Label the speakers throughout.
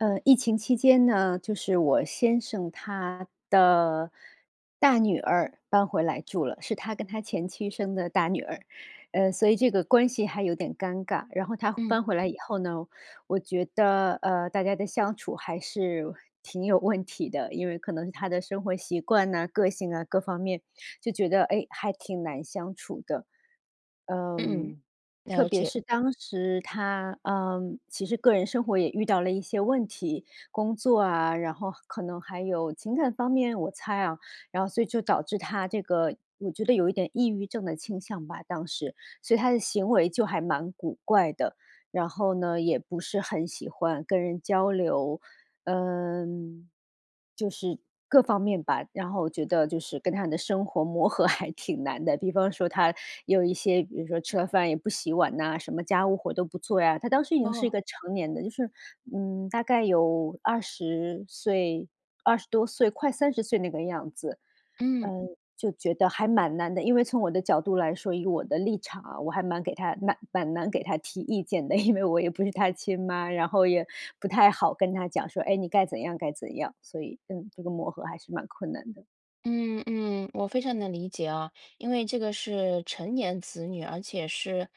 Speaker 1: 呃，疫情期间呢，就是我先生他的大女儿搬回来住了，是他跟他前妻生的大女儿。呃，所以这个关系还有点尴尬，然后她
Speaker 2: 嗯。
Speaker 1: 搬回来以后呢，我觉得，呃，大家的相处还是挺有问题的，因为可能是她的生活习惯哪、个性啊，各方面，就觉得，哎，还挺难相处的。
Speaker 2: 嗯，
Speaker 1: 嗯，特
Speaker 2: 了
Speaker 1: 别
Speaker 2: 解。
Speaker 1: 是当时她，呃，其实个人生活也遇到了一些问题，工作啊，然后可能还有情感方面，我猜啊，然后所以就导致她这个，我觉得有一点抑郁症的倾向吧，当时。所以她的行为就还蛮古怪的，然后呢，也不是很喜欢跟人交流。嗯，就是各方面吧，然后我觉得，就是跟她的生活磨合还挺难的，比方说她有一些，比如说吃了饭也不洗碗呐，什么家务活都不做呀，她当时已经是一
Speaker 2: 哦。
Speaker 1: 个成年的，就是，嗯，大概有20岁，20多岁快30岁那个样子。
Speaker 2: 嗯。
Speaker 1: 呃，就觉得还蛮难的，因为从我的角度来说，以我的立场啊，我还蛮给她蛮蛮难给她提意见的，因为我也不是她亲妈，然后也不太好跟她讲说，哎，你该怎样该怎样，所以，嗯，这个磨合还是蛮困难的。
Speaker 2: 嗯，嗯，我非常能理解啊，因为这个是成年子女，而且是，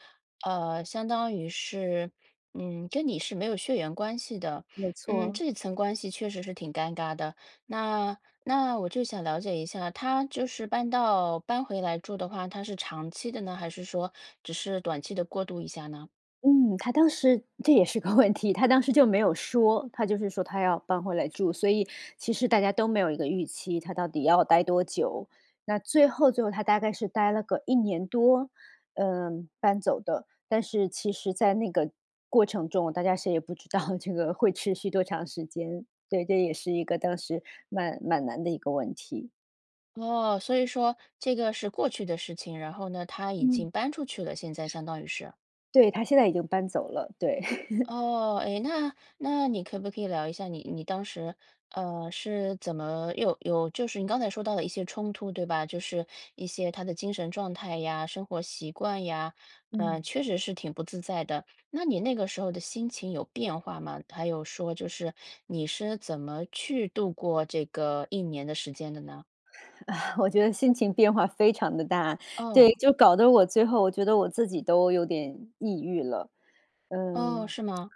Speaker 2: 呃，相当于是，嗯，跟你是没有血缘关系的，
Speaker 1: 没
Speaker 2: 嗯，
Speaker 1: 错。
Speaker 2: 这层关系确实是挺尴尬的。那那我就想了解一下，她就是搬到搬回来住的话，她是长期的呢，还是说只是短期地过渡一下呢？
Speaker 1: 嗯，她当时这也是个问题，她当时就没有说，她就是说她要搬回来住，所以其实大家都没有一个预期，她到底要待多久。那最后最后她大概是待了个1年多，呃，搬走的。但是其实在那个过程中，大家谁也不知道这个会持续多长时间，对，这也是一个当时蛮蛮难的一个问题。
Speaker 2: 哦，所以说这个是过去的事情，然后呢，她已
Speaker 1: 嗯。
Speaker 2: 经搬出去了现在，相当于是。
Speaker 1: 对，她现在已经搬走了，对。
Speaker 2: 哦，哎，那那你可不可以聊一下你你当时，呃，是怎么有有就是你刚才说到的一些冲突对吧？就是一些她的精神状态呀、生活习惯呀，呃，
Speaker 1: 嗯。
Speaker 2: 确实是挺不自在的，那你那个时候的心情有变化吗？还有说就是你是怎么去度过这个1年的时间的呢？
Speaker 1: 我觉得心情变化非常地大，对，
Speaker 2: 哦。
Speaker 1: 就搞得我最后，我觉得我自己都有点抑郁了，
Speaker 2: 哦，
Speaker 1: 嗯。
Speaker 2: 是吗？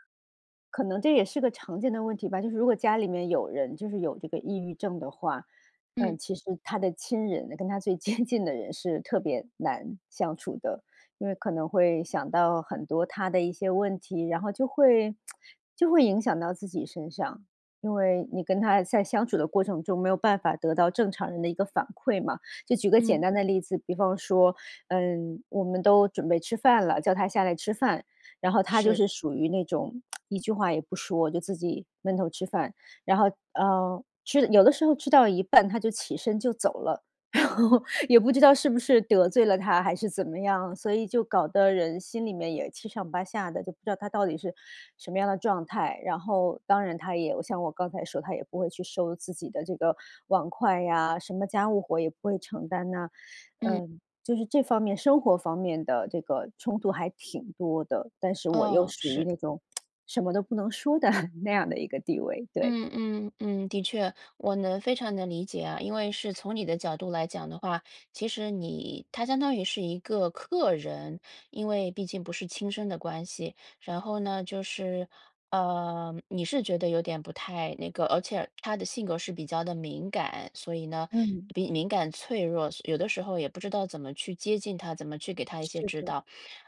Speaker 1: 可能这也是个常见的问题吧，就是如果家里面有人，就是有这个抑郁症的话，呃，
Speaker 2: 嗯。
Speaker 1: 其实她的亲人，跟她最接近的人是特别难相处的。因为可能会想到很多她的一些问题，然后就会 就会影响到自己身上。因为你跟她在相处的过程中，没有办法得到正常人的一个反馈嘛，就举个简
Speaker 2: 嗯。
Speaker 1: 单的例子，比方说，呃，我们都准备吃饭了，叫她下来吃饭，然后她就
Speaker 2: 是。
Speaker 1: 是属于那种 一句话也不说，就自己闷头吃饭，然后，呃，吃有的时候吃到一半，她就起身就走了，然后，也不知道是不是得罪了她还是怎么样，所以就搞得人心里面也七上八下的，就不知道她到底是什么样的状态。然后，当然她也像我刚才说她也不会去收自己的这个碗筷呀，什么家务活也不会承担呐。
Speaker 2: 嗯。
Speaker 1: 嗯，就是这方面生活方面的这个冲突还挺多的，但是我又
Speaker 2: 哦，
Speaker 1: 属于
Speaker 2: 是。
Speaker 1: 那种 什么都不能说的 那样的一个地位，对。
Speaker 2: 嗯，嗯，嗯，的确，我能非常能理解啊，因为是从你的角度来讲的话，其实你她相当于是一个客人，因为毕竟不是亲生的关系。然后呢，就是，呃，你是觉得有点不太那个而且她的性格是比较地敏感，所以呢
Speaker 1: 嗯。
Speaker 2: 敏敏感脆弱，有的时候也不知道怎么去接近她，怎么去给她一些
Speaker 1: 是
Speaker 2: 指
Speaker 1: 的。
Speaker 2: 导。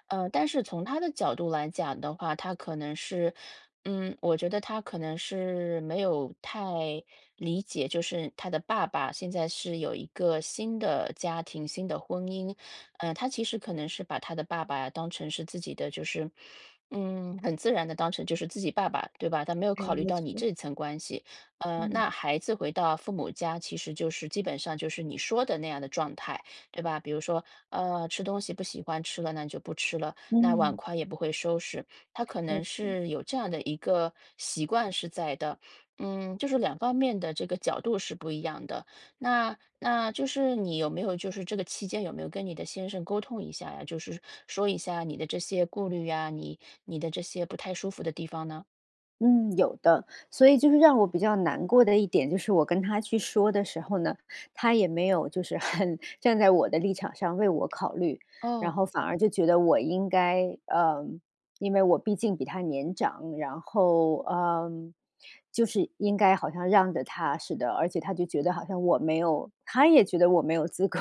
Speaker 2: 呃，但是从她的角度来讲的话，她可能是，嗯，我觉得她可能是没有太理解，就是她的爸爸现在是有一个新的家庭、新的婚姻，呃，她其实可能是把她的爸爸当成是自己的，就是，嗯，很自然地当成就是自己爸爸，对吧，她没有
Speaker 1: 哎，
Speaker 2: 考虑
Speaker 1: 没
Speaker 2: 到你
Speaker 1: 错。
Speaker 2: 这层关系。呃，
Speaker 1: 嗯。
Speaker 2: 那孩子回到父母家，其实就是基本上就是你说的那样的状态，对吧？比如说，呃，吃东西不喜欢吃了，那你就不吃了，那碗
Speaker 1: 嗯。
Speaker 2: 筷也不会收拾，她可能
Speaker 1: 没错。
Speaker 2: 是有这样的一个习惯是在的，嗯，就是2方面的这个角度是不一样的。那那就是你有没有就是这个期间有没有跟你的先生沟通一下呀？就是说一下你的这些顾虑呀，你你的这些不太舒服的地方呢？
Speaker 1: 嗯，有的。所以就是让我比较难过的一点，就是我跟他去说的时候呢，他也没有就是很站在我的立场上为我考虑，然
Speaker 2: 哦。
Speaker 1: 后反而就觉得我应该呃，因为我毕竟比她年长，然后，呃，就是应该好像让着她似的，而且他就觉得好像我没有他也觉得我没有资格，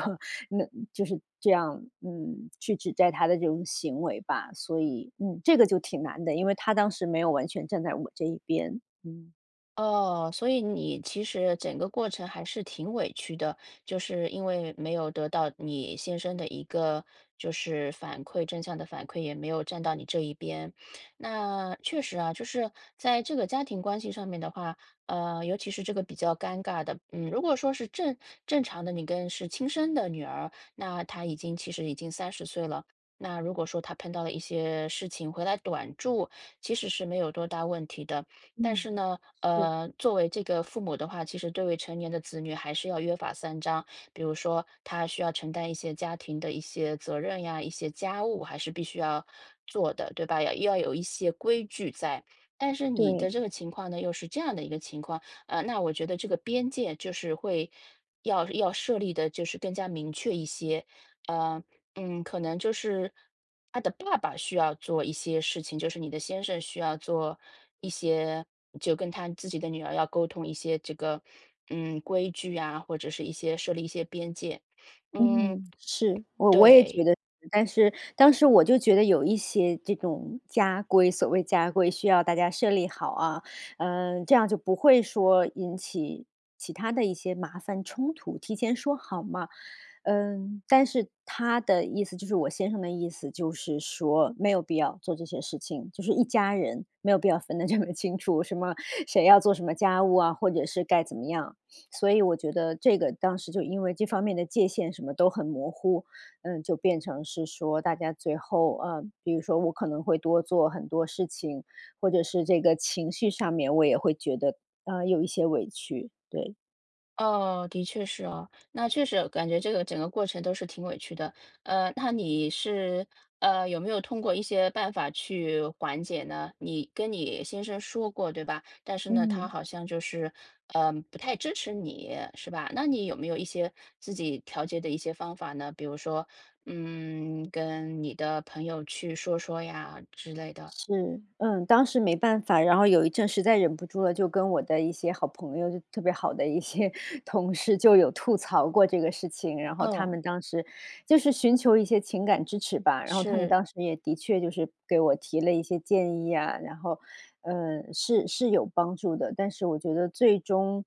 Speaker 1: 那就是这样，嗯，去指责她的这种行为吧。所以，嗯，这个就挺难的，因为他当时没有完全站在我这一边。嗯。
Speaker 2: 哦，所以你其实整个过程还是挺委屈的，就是因为没有得到你先生的一个，就是反馈正向的反馈，也没有站到你这一边。那确实啊，就是在这个家庭关系上面的话，呃，尤其是这个比较尴尬的，嗯，如果说是正正常的你跟是亲生的女儿，那她已经其实已经30岁了。那如果说她碰到了一些事情回来短住，其实是没有多大问题的。但是
Speaker 1: 嗯，
Speaker 2: 呢，
Speaker 1: 是。
Speaker 2: 呃，作为这个父母的话，其实对于成年的子女还是要约法三章。比如说她需要承担一些家庭的一些责任呀，一些家务还是必须要做的，对吧？要要有一些规矩在。但是你的
Speaker 1: 对。
Speaker 2: 这个情况呢，又是这样的一个情况。呃，那我觉得这个边界，就是会要要设立得就是更加明确一些，呃，嗯，可能就是她的爸爸需要做一些事情，就是你的先生需要做一些就跟他自己的女儿要沟通一些这个，嗯，规矩啊，或者是一些设立一些边界，嗯，
Speaker 1: 嗯，是，我我也
Speaker 2: 对。
Speaker 1: 觉得但是，当时我就觉得有一些这种家规，所谓家规，需要大家设立好啊，嗯，这样就不会说引起其它的一些麻烦、冲突，提前说好嘛。嗯，但是他的意思，就是我先生的意思，就是说没有必要做这些事情，就是一家人没有必要分得这么清楚，什么谁要做什么家务啊，或者是该怎么样。所以我觉得这个，当时就因为这方面的界限什么都很模糊，嗯，就变成是说大家最后，呃，比如说我可能会多做很多事情，或者是这个情绪上面，我也会觉得，呃，有一些委屈，对。
Speaker 2: 哦，的确是哦，那确实啊，感觉这个整个过程都是挺委屈的。呃，那你是，呃，有没有通过一些办法去缓解呢？你跟你先生说过，对吧？但是呢，他
Speaker 1: 嗯。
Speaker 2: 好像就是，呃，不太支持你，是吧？那你有没有一些自己调节的一些方法呢？比如说，嗯，跟你的朋友去说说呀之类的。
Speaker 1: 是，嗯，当时没办法，然后有一阵实在忍不住了，就跟我的一些好朋友，就特别好的一些同事就有吐槽过这个事情。然后他
Speaker 2: 嗯。
Speaker 1: 们当时就是寻求一些情感支持吧，然后他们
Speaker 2: 是。
Speaker 1: 当时也的确就是给我提了一些建议啊，然后，呃，是是有帮助的。但是我觉得最终，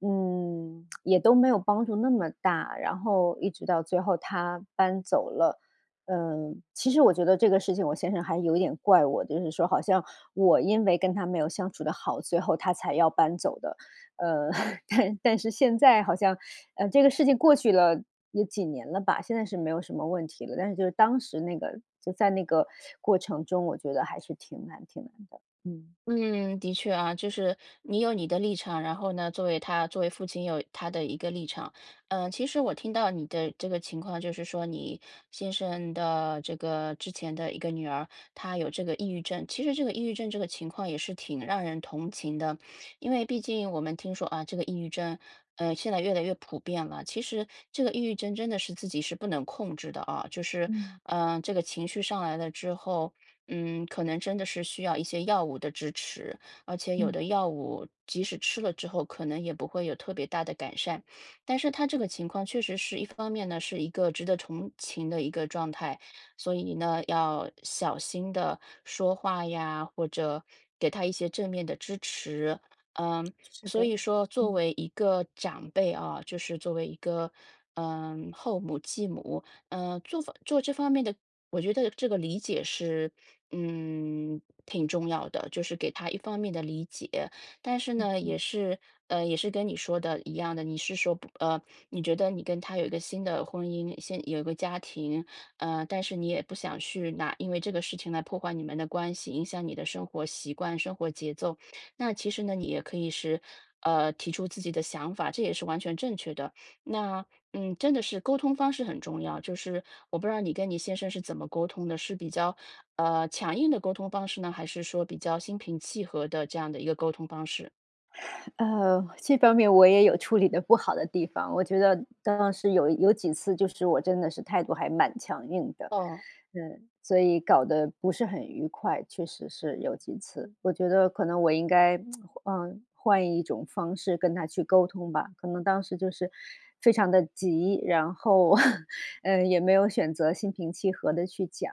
Speaker 1: 嗯，也都没有帮助那么大，然后一直到最后她搬走了。呃，其实我觉得这个事情我先生还有点怪我，就是说好像，我因为跟她没有相处得好，最后她才要搬走的。呃，但但是现在好像，呃，这个事情过去了，有几年了吧，现在是没有什么问题了，但是就是当时那个就在那个过程中，我觉得还是挺难挺难的，嗯。
Speaker 2: 嗯，的确啊，就是，你有你的立场，然后呢，作为他作为父亲有他的一个立场。呃，其实我听到你的这个情况，就是说你先生的这个之前的一个女儿，她有这个抑郁症，其实这个抑郁症这个情况也是挺让人同情的。因为毕竟，我们听说啊，这个抑郁症，呃，现在越来越普遍了。其实这个抑郁症真的是自己是不能控制的啊，就是，
Speaker 1: 嗯。
Speaker 2: 呃，这个情绪上来了之后，嗯，可能真的是需要一些药物的支持，而且有
Speaker 1: 嗯。
Speaker 2: 的药物即使吃了之后，可能也不会有特别大的改善。但是她这个情况确实是，一方面呢，是一个值得同情的一个状态，所以呢，要小心地说话呀，或者给她一些正面的支持。呃，
Speaker 1: 是
Speaker 2: 所
Speaker 1: 的，
Speaker 2: 以说作
Speaker 1: 嗯。
Speaker 2: 为一个长辈哦，就是作为一个，呃，后母、继母，呃，做法做这方面的我觉得这个理解是，嗯，挺重要的，就是给她一方面的理解，但是
Speaker 1: 嗯，
Speaker 2: 呢，
Speaker 1: 嗯。
Speaker 2: 也是，呃，也是跟你说的一样的，你是说不呃，你觉得你跟他有一个新的婚姻，新有一个家庭，呃，但是你也不想去拿因为这个事情来破坏你们的关系，影响你的生活习惯、生活节奏。那其实呢，你也可以是，呃，提出自己的想法，这也是完全正确的。那，嗯，真的是沟通方式很重要，就是我不知道你跟你先生是怎么沟通的。是比较，呃，强硬的沟通方式呢？还是说比较心平气和的这样的一个沟通方式？
Speaker 1: 呃，这方面我也有处理得不好的地方，我觉得当时有有几次就是我真的是态度还蛮强硬的，
Speaker 2: 哦。
Speaker 1: 嗯，所以搞得不是很愉快，确实是有几次。我觉得可能我应该，嗯，换一种方式跟她去沟通吧，可能当时就是非常地急，然后，呃，也没有选择心平气和地去讲，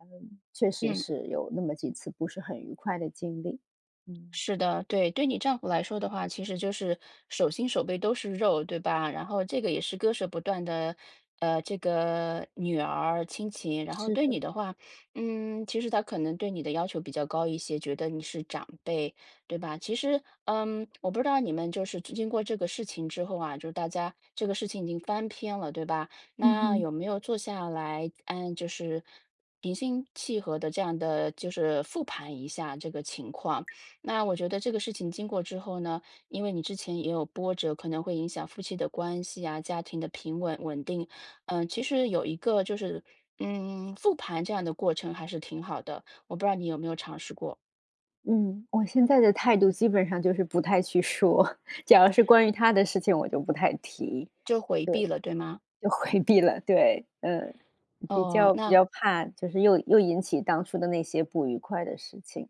Speaker 1: 嗯，确实
Speaker 2: 嗯。
Speaker 1: 是有那么几次不是很愉快的经历，嗯。
Speaker 2: 是的，对。对你丈夫来说的话，其实就是手心手背都是肉，对吧，然后这个也是割舍不断的，呃，这个女儿亲情。然后
Speaker 1: 是
Speaker 2: 对
Speaker 1: 的。
Speaker 2: 你的话，嗯，其实他可能对你的要求比较高一些，觉得你是长辈，对吧？其实，嗯，我不知道你们就是这经过这个事情之后啊，就大家这个事情已经翻篇了，对吧？
Speaker 1: 嗯
Speaker 2: 那
Speaker 1: 哼。
Speaker 2: 有没有坐下来，呃，就是平心气和地这样地就是复盘一下这个情况？那我觉得这个事情经过之后呢，因为你之前也有波折，可能会影响夫妻的关系啊、家庭的平稳稳定。呃，其实有一个就是，嗯，复盘这样的过程还是挺好的，我不知道你有没有尝试过？
Speaker 1: 嗯，我现在的态度基本上就是不太去说，假如是关于她的事情，我就不太提，
Speaker 2: 就回
Speaker 1: 对，
Speaker 2: 避了，对吗？
Speaker 1: 就回避了，对，嗯，比
Speaker 2: 哦，
Speaker 1: 较比
Speaker 2: 那
Speaker 1: 较怕，就是又又引起当初的那些不愉快的事情，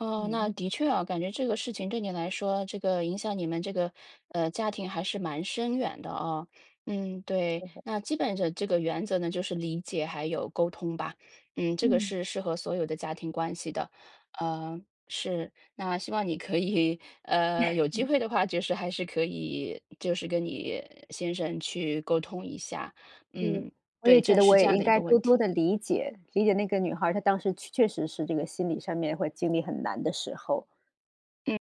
Speaker 2: 哦，那
Speaker 1: 嗯。
Speaker 2: 的确哦，感觉这个事情对你来说，这个影响你们这个，呃，家庭还是蛮深远的哦。嗯，对，
Speaker 1: 是的。
Speaker 2: 那基本这这个原则呢，就是理解还有沟通吧，嗯，这个
Speaker 1: 嗯。
Speaker 2: 是适合所有的家庭关系的。呃，是，那希望你可以，呃，有机 会的话，就是还是可以就是跟你先生去沟通一下，
Speaker 1: 是，
Speaker 2: 嗯，
Speaker 1: 我
Speaker 2: 对，
Speaker 1: 也觉
Speaker 2: 正
Speaker 1: 得
Speaker 2: 视
Speaker 1: 我
Speaker 2: 这
Speaker 1: 也
Speaker 2: 样
Speaker 1: 应
Speaker 2: 的一
Speaker 1: 该
Speaker 2: 个
Speaker 1: 多
Speaker 2: 问
Speaker 1: 多
Speaker 2: 题。
Speaker 1: 地理解，理解那个女孩儿，她当时确确实是这个心理上面，会经历很难的时候。
Speaker 2: 嗯。